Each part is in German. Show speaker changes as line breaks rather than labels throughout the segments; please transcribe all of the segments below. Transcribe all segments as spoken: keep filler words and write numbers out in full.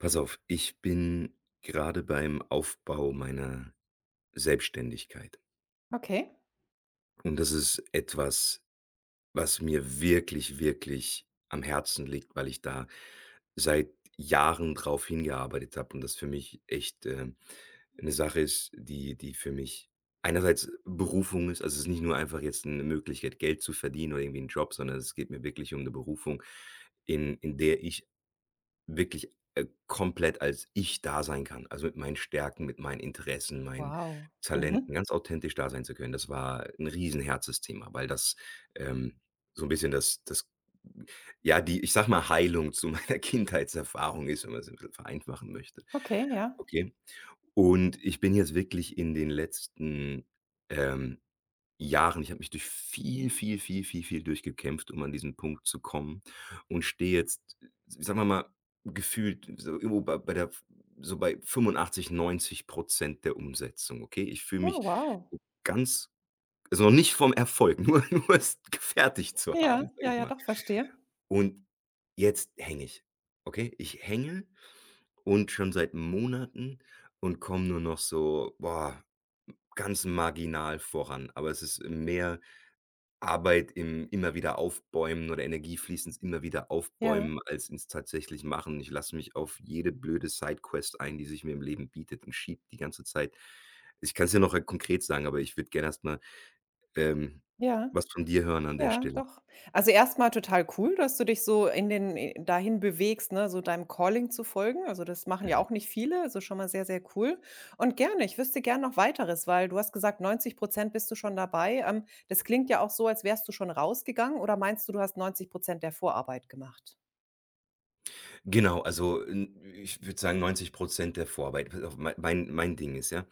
Pass auf. Ich bin gerade beim Aufbau meiner Selbständigkeit.
Okay.
Und das ist etwas was mir wirklich, wirklich am Herzen liegt, weil ich da seit Jahren drauf hingearbeitet habe und das für mich echt, äh, 'ne Sache ist, die die für mich einerseits Berufung ist also, es ist nicht nur einfach jetzt 'ne Möglichkeit, Geld zu verdienen oder irgendwie 'n Job, sondern es geht mir wirklich um 'ne Berufung, in in der ich wirklich, äh, komplett, als ich da sein kann. Also, mit meinen Stärken, mit meinen Interessen, meinen
Wow, mhm.
Talenten ganz authentisch da sein zu können. Das war 'n Riesenherzensthema, weil das, ähm, so 'n bisschen das das, hm, ja, die ich sage mal Heilung zu meiner Kindheitserfahrung ist, wenn man es irgendwie vereinfachen möchte.
Okay, ja.
Okay, und ich bin jetzt wirklich in den letzten, ähm, Jahren ich habe mich durch viel, viel, viel, viel, viel durch gekämpft, um an diesen Punkt zu kommen und stehe jetzt, sagen wir mal gefühlt so irgendwo bei bei der so bei fünfundachtzig, neunzig Prozent der Umsetzung. Okay, ich fühle
Oh
mich
wow.
ganz also, nicht vom Erfolg nur nur es gefertigt zu
Ja,
haben, sage
ja,
ich
ja,
mal.
doch, verstehe.
Und jetzt hänge ich. Okay, ich hänge und schon seit Monaten und komme nur noch so, boah, ganz marginal voran. Aber es ist mehr Arbeit im immer wieder aufbäumen oder Energie fließend immer wieder
Ja.
aufbäumen, als es tatsächlich machen. Ich lasse mich auf jede blöde Side Quest ein, die sich mir im Leben bietet und schiebe die ganze Zeit. Ich kann es dir nachher konkret sagen, aber ich würde gerne erstmal, ähm,
Ja,
was von dir hören an der
ja,
Stelle.
doch. Also, erstmal total cool, dass du dich so in den in dahin bewegst, ne, so deinem Calling zu folgen. Also, das machen ja
Mhm.
auch nicht viele. Das ist schon mal sehr, sehr cool. Und gerne, ich wüsste gerne noch weiteres, weil du hast gesagt, neunzig Prozent bist du schon dabei. Ähm, das klingt ja auch so, als wärst du schon rausgegangen, oder meinst du, du hast neunzig Prozent der Vorarbeit gemacht?
Genau. Also, n ich würde sagen, neunzig Prozent der Vorarbeit weil auf mein mein Ding ist, ja.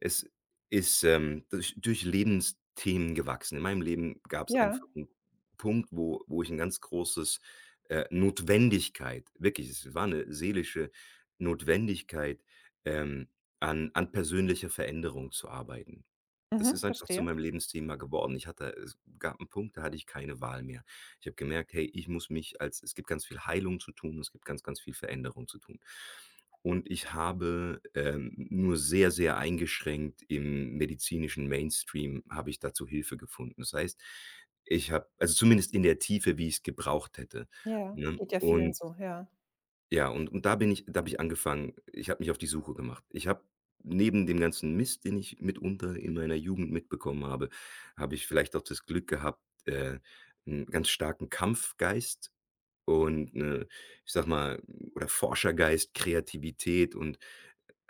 Es ist, ähm, durch durch Lebensthemen gewachsen. In meinem Leben gab es
Ja.
einfach 'n Punkt, wo wo ich 'n ganz großes, äh, Notwendigkeit wirklich, es war 'ne seelische Notwendigkeit, ähm, an an persönlicher Veränderung zu arbeiten. Das
Mhm,
ist einfach zu
verstehe.
meinem Lebensthema geworden. Ich hatte es gab 'n Punkt, da hatte ich keine Wahl mehr. Ich habe gemerkt: „Hey, ich muss mich als es gibt ganz viel Heilung zu tun. Es gibt ganz, ganz viel Veränderung zu tun.“ Und ich habe, ähm, nur sehr, sehr eingeschränkt im medizinischen Mainstream, habe ich dazu Hilfe gefunden. Das heißt, ich habe also zumindest in der Tiefe, wie ich es gebraucht hätte,
Ja,
ne?
geht ja vielen
Und
so, ja.
ja, und und da bin ich da habe ich angefangen ich habe mich auf die Suche gemacht. Ich habe neben dem ganzen Mist, den ich mitunter in meiner Jugend mitbekommen habe, habe ich vielleicht auch das Glück gehabt, äh, 'n ganz starken Kampfgeist und 'ne, ich sage mal, oder Forschergeist, Kreativität und,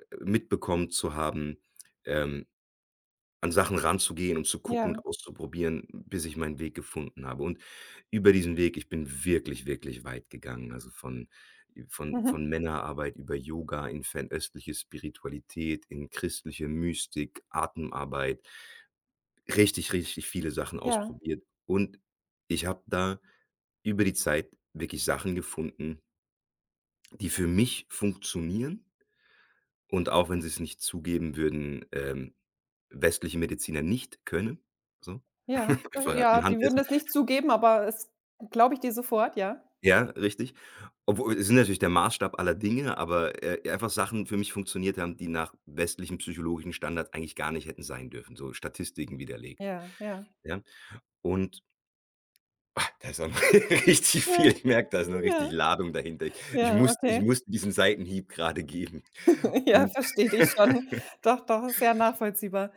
äh, mitbekommen zu haben, ähm, an Sachen ranzugehen, um zu gucken
Ja.
und auszuprobieren, bis ich meinen Weg gefunden habe. Und über diesen Weg ich bin wirklich, wirklich weit gegangen. Also, von von von
Mhm.
Männerarbeit über Yoga in fernöstliche Spiritualität, in christliche Mystik, Atemarbeit richtig, richtig viele Sachen
Ja.
ausprobiert. Und ich habe da über die Zeit wirklich Sachen gefunden die für mich funktionieren und auch, wenn sie es nicht zugeben würden, ähm, westliche Mediziner nicht können, so.
Ja,
Auf jeden
also,
Fall halt
ja, die
anhand
würden
dessen.
das nicht zugeben, aber es glaube ich dir sofort, ja.
Ja, richtig. Obwohl, es sind natürlich der Maßstab aller Dinge, aber, äh, einfach Sachen für mich funktioniert haben, die nach westlichem psychologischen Standard eigentlich gar nicht hätten sein dürfen, so Statistiken widerlegt.
Ja, ja.
Ja? Und, da ist aber richtig viel.
Mhm,
Ich merke, das ist noch
hm, ja.
richtige Ladung dahinter. Ich
Ja,
musste ich
okay.
musste diesen Seitenhieb gerade geben
Ja,
und
verstehe dich schon. Doch, doch sehr nachvollziehbar.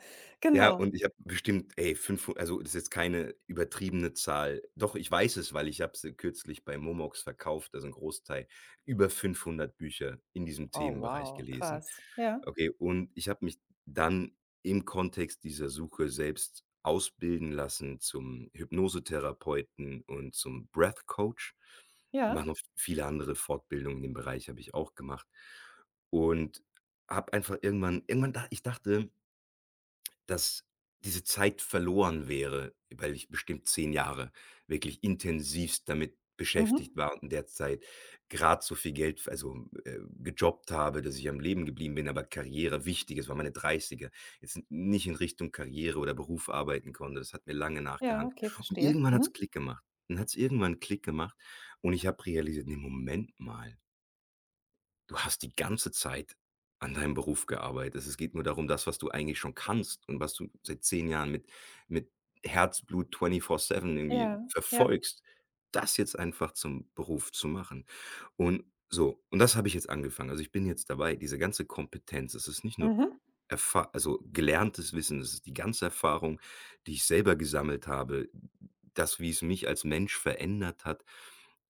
Ja,
Genau.
und ich habe bestimmt, ey, fünfhu also, das ist jetzt keine übertriebene Zahl. Doch, ich weiß es, weil ich habe sie kürzlich bei Momox verkauft. Also, 'n Großteil, über fünfhundert Bücher in diesem
Oh
Themenbereich
wow,
gelesen.
krass. Ja.
Okay, und ich habe mich dann im Kontext dieser Suche selbst ausbilden lassen zum Hypnosetherapeuten und zum Breath Coach.
Ja.
Machen auch viele andere Fortbildungen in dem Bereich habe ich auch gemacht und habe einfach irgendwann irgendwann da ich dachte dass diese Zeit verloren wäre, weil ich bestimmt zehn Jahre wirklich intensivst damit beschäftigt
Mhm.
war und in der Zeit gerade so viel Geld f also, äh, gejobbt habe, dass ich am Leben geblieben bin. Aber Karriere wichtig ist. Waren meine Dreißiger. Jetzt n nicht in Richtung Karriere oder Beruf arbeiten konnte, das hat mir lange
Ja,
nachgehangt.
okay,
Und
verstehe.
irgendwann hat es
Mhm.
Klick gemacht. Dann hat es irgendwann Klick gemacht. Und ich habe realisiert: „Ne, Moment mal.“ Du hast die ganze Zeit an deinem Beruf gearbeitet. Es geht nur darum, das, was du eigentlich schon kannst und was du seit zehn Jahren mit mit Herzblut twentyfour seven irgendwie
Ja, ja.
verfolgst, das jetzt einfach zum Beruf zu machen. Und so, und das habe ich jetzt angefangen, also, ich bin jetzt dabei, diese ganze Kompetenz das ist nicht nur
Mhm.
Erfah also, gelerntes Wissen, das ist die ganze Erfahrung, die ich selber gesammelt habe, das, wie es mich als Mensch verändert hat,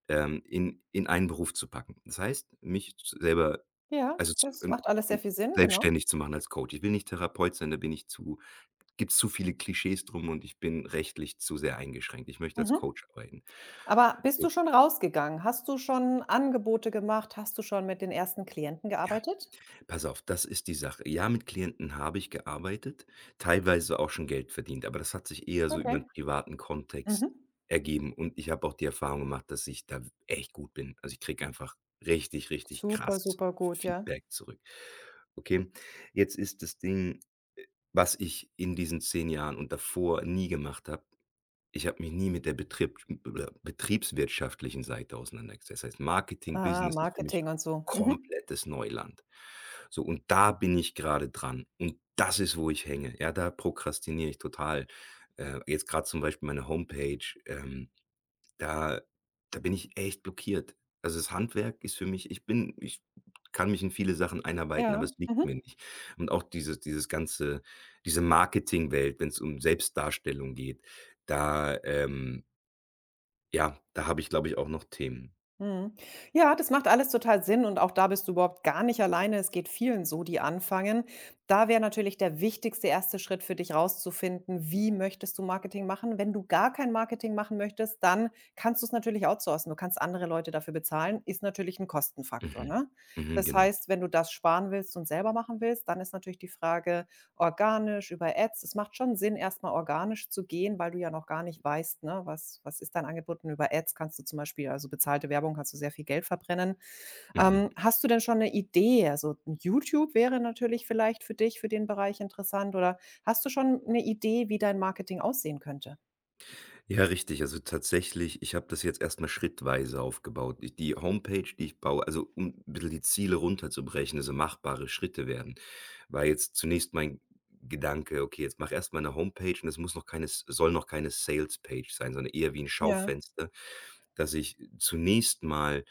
ähm, in in einen Beruf zu packen. Das heißt, mich selber
Ja,
also, zu
das
in
macht alles sehr
in
viel Sinn, genau.
selbstständig zu machen als Coach. Ich will nicht Therapeut sein, da bin ich zu da gibt's zu viele Klischees drum, und ich bin rechtlich zu sehr eingeschränkt. Ich möchte als
Mhm.
Coach arbeiten.
Aber bist du
So.
schon rausgegangen? Hast du schon Angebote gemacht? Hast du schon mit den ersten Klienten
Ja.
gearbeitet?
Pass auf, das ist die Sache. Ja, mit Klienten habe ich gearbeitet, teilweise auch schon Geld verdient, aber das hat sich eher so über 'n
Okay.
privaten Kontext
Mhm.
ergeben, und ich habe auch die Erfahrung gemacht, dass ich da echt gut bin, also, ich kriege einfach richtig, richtig
Super,
krasses
super gut, ja.
Feedback zurück. Okay, jetzt ist das Ding, äh, was ich in diesen zehn Jahren und davor nie gemacht habe: Ich habe mich nie mit der betrieb [unintelligible] betriebswirtschaftlichen Seite auseinandergesetzt. Das heißt Marketing,
Ah,
Business ist für mich
Marketing und so. Mhm.
komplettes Neuland, so und da bin ich grade dran und das ist, wo ich hänge. Ja, da prokrastiniere ich total, äh, jetzt grad zum Beispiel meine Homepage, ähm, da da bin ich echt blockiert, also, das Handwerk ist für mich ich bin ich kann mich in viele Sachen einarbeiten, aber
Ja.
es liegt mir
Mhm.
nicht, und auch dieses dieses ganze diese Marketingwelt, wenn es um Selbstdarstellung geht, da, ähm Ja, da habe ich, glaube ich, auch noch Themen.
Mhm. Ja, das macht alles total Sinn und auch da bist du überhaupt gar nicht alleine. Es geht vielen so, die anfangen. Da wäre natürlich der wichtigste erste Schritt für dich, rauszufinden: „Wie möchtest du Marketing machen?“ Wenn du gar kein Marketing machen möchtest, dann kannst du es natürlich outsourcen. Du kannst andere Leute dafür bezahlen. Ist natürlich 'n Kostenfaktor,
Mhm.
ne?
Mhm.
Das
Genau.
heißt, wenn du das sparen willst und selber machen willst, dann ist natürlich die Frage: organisch, über Ads? Es macht schon Sinn, erst mal organisch zu gehen, weil du ja noch gar nicht weißt, ne: „Was was ist dein Angebot?“ Über Ads kannst du zum Beispiel also, bezahlte Werbung, kannst du sehr viel Geld verbrennen. Ähm,
Mhm.
hast du denn schon 'ne Idee? Also, YouTube wäre natürlich vielleicht für dich, für den Bereich interessant, oder hast du schon 'ne Idee, wie dein Marketing aussehen könnte?
Ja, richtig. Also, tatsächlich ich habe das jetzt erst mal schrittweise aufgebaut. Ich die Homepage, die ich baue, also, um bisschen die Ziele runterzubrechen, also, machbare Schritte werden, war jetzt zunächst mein G Gedanke: „Okay, jetzt mache erst mal 'ne Homepage und es muss noch keine soll noch keine Salespage sein, sondern eher wie 'n
Ja.
Schaufenster, dass ich zunächst mal“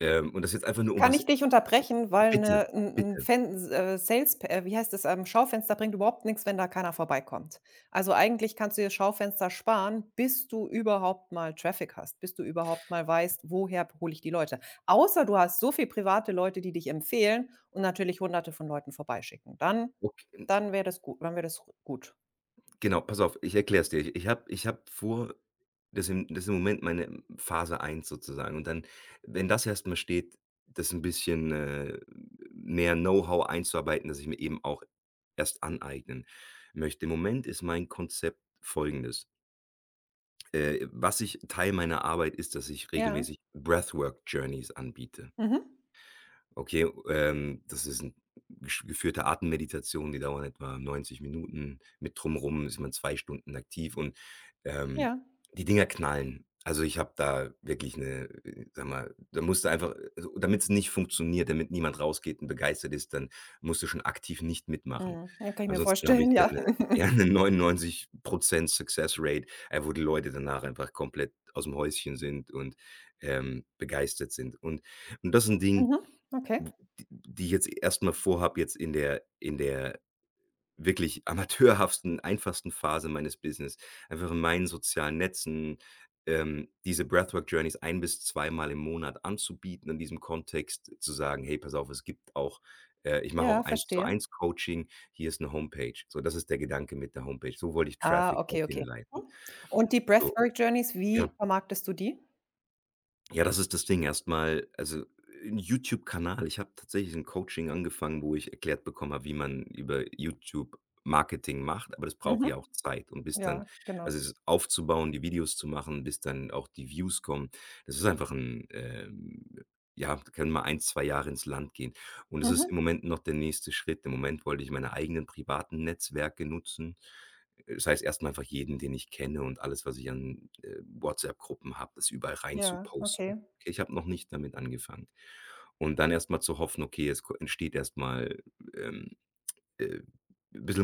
ähm, und das ist jetzt einfach nur, um
Kann ich
was
dich
also
unterbrechen, weil
bitte,
'ne 'n 'n
bitte.
Fens äh, salesp äh, wie heißt das ähm, Schaufenster bringt überhaupt nichts, wenn da keiner vorbeikommt. Also, eigentlich kannst du dir das Schaufenster sparen, bis du überhaupt mal Traffic hast, bis du überhaupt mal weißt: „Woher hole ich die Leute?“ Außer du hast so viele private Leute, die dich empfehlen und natürlich Hunderte von Leuten vorbeischicken. Dann
Okay. N
dann wäre das gut dann wäre das g gut.
Genau. Pass auf. Ich erkläre es dir. Ich habe ich habe vor, das im das im Moment m meine Phase eins sozusagen, und dann, wenn das erst mal steht, das 'n bisschen, äh, mehr Know-how einzuarbeiten, das ich mir eben auch erst aneignen möchte. Im Moment ist mein Konzept Folgendes. Äh, was ich Teil meiner Arbeit ist, dass ich
Ja.
regelmäßig Breathwork Journeys anbiete.
Mhm.
Okay, ähm, das ist 'n gesch geführte Atemmeditation. Die dauern etwa neunzig Minuten. Mit Drum rum ist man zwei Stunden aktiv und, ähm,
Ja.
die Dinger knallen. Also, ich habe da wirklich 'ne äh, sage mal, da musst du einfach äh, also, und damit es nicht funktioniert, damit niemand rausgeht und begeistert ist, dann musst du schon aktiv nicht mitmachen.
Mhm. Ja, kann ich mir
Ansonsten habe
vorstellen,
ich da
ja.
ne eher 'ne neunundneunzig Prozent Success Rate äh, wo die Leute danach einfach komplett aus dem Häuschen sind und, ähm, begeistert sind. Und das ist 'n Ding,
Mhm. Okay.
w d die ich jetzt erst mal vorhabe, jetzt in der in der wirklich amateurhaften, einfachsten Phase meines Business einfach in meinen sozialen Netzen, ähm, diese Breathwork Journeys ein bis zweimal im Monat anzubieten, in diesem Kontext zu sagen: „Hey, pass auf, es gibt auch äh, ich mache
Ja,
auch
verstehe.
1-zu-1-Coaching. Hier ist 'ne Homepage.“ So, das ist der Gedanke mit der Homepage. So wollte ich
Ah,
Traffic
okay,
dorthin
okay.
leiten.
Mhm. Und die
So,
Breathwork Journeys, wie
ja.
vermarktest du die?
Ja, das ist das Ding erstmal. Also, 'n YouTube-Kanal ich habe tatsächlich 'n Coaching angefangen, wo ich erklärt bekommen habe, wie man über YouTube Marketing macht. Aber das braucht ja
Mhm.
auch Zeit und bis dann
Ja,
also,
genau.
es aufzubauen, die Videos zu machen, bis dann auch die Views kommen, das ist einfach 'n ähm, ja, können mal ein, zwei Jahre ins Land gehen, und es ist
Mhm.
im Moment noch der nächste Schritt. Im Moment wollte ich meine eigenen privaten Netzwerke nutzen, äh, das heißt erstmal einfach jeden, den ich kenne, und alles, was ich an, äh, WhatsApp-Gruppen habe, das überall rein zu
Ja,
posten.
okay.
Okay, ich habe noch nicht damit angefangen und dann erstmal zu hoffen: „Okay, es ko entsteht erstmal, ähm, äh, bissel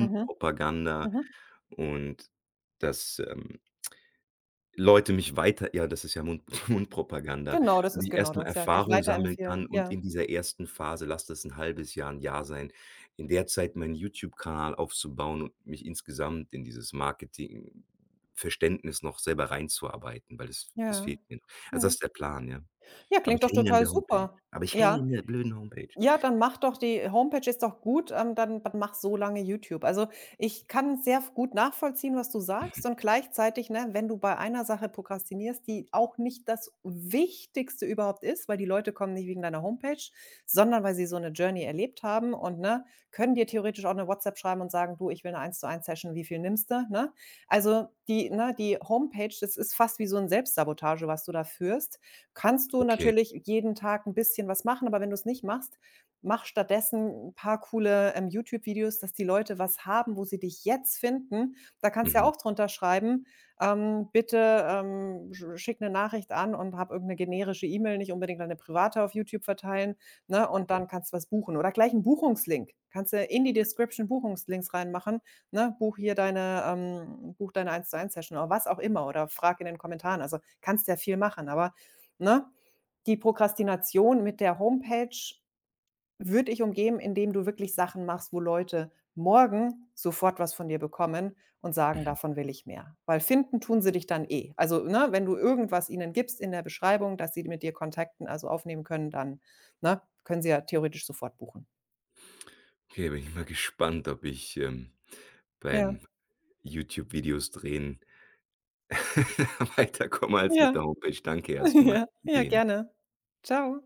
Mhm. Mhm.
und dass, ähm Leute mich weiter ja, das ist ja Mund Mundpropaganda,
Genau, das
und
ist
ich
genau
erstmal
das, ja, dich
Erfahrung sammeln
weiterempfehlen,
kann. Und
ja.
in dieser ersten Phase, lass das 'n halbes Jahr, 'n Jahr sein, in der Zeit meinen YouTube-Kanal aufzubauen und mich insgesamt in dieses Marketing-Verständnis noch selber reinzuarbeiten, weil das das
Ja,
fehlt mir. Also, das
mhm.
ist der Plan, ja,
Ja,
aber
klingt
ich
doch
hänge an
total
der Homepage,
super.
aber ich hänge
Ja.
in der blöden Homepage.
Ja, dann mache doch die äh, Homepage, ist doch gut, ähm, dann dann mache so lange YouTube. Also, ich kann sehr gut nachvollziehen, was du
Mhm.
sagst, und gleichzeitig, ne, wenn du bei einer Sache prokrastinierst, die auch nicht das Wichtigste überhaupt ist, weil die Leute kommen nicht wegen deiner Homepage, sondern weil sie so 'ne Journey erlebt haben, und, ne, können dir theoretisch auch eine WhatsApp schreiben und sagen: „Du, ich will 'ne Eins-zu-eins-Session. Wie viel nimmst du,” ne? Also, die ne, die Homepage, das ist fast wie so 'n Selbstsabotage, was du da führst. Kannst du
Okay.
natürlich jeden Tag 'n bisschen was machen, aber wenn du es nicht machst, mache stattdessen 'n paar coole, ähm, YouTube-Videos, dass die Leute was haben, wo sie dich jetzt finden. Da kannst du ja
Mhm.
auch drunter schreiben, ähm: „Bitte, ähm, sch schicke 'ne Nachricht an”, und habe irgend 'ne generische E-Mail, nicht unbedingt deine private auf YouTube verteilen, ne, „und
Ja.
dann kannst du was buchen”, oder gleich 'nen Buchungslink. Kannst du in die Description Buchungslinks reinmachen, ne: „Buche hier deine ähm, buche deine Eins-zu-eins-Session”, oder was auch immer, oder frage in den Kommentaren. Also, kannst ja viel machen, aber, ne, die Prokrastination mit der Homepage würde ich umgehen, indem du wirklich Sachen machst, wo Leute morgen sofort was von dir bekommen und sagen:
Mhm.
„Davon will ich mehr“, weil finden tun sie dich dann eh. Also, ne, wenn du irgendwas ihnen gibst in der Beschreibung, dass sie mit dir Kontakt, ne, also, aufnehmen können, dann, ne, können sie ja theoretisch sofort buchen.
Okay, da bin ich mal gespannt, ob ich, ähm,
Ja.
beim YouTube-Videos drehen weiterkomme als mit der
Ja.
Homepage. Danke erstmal.
Ja, ja,
[unintelligible]
gerne. Tschau.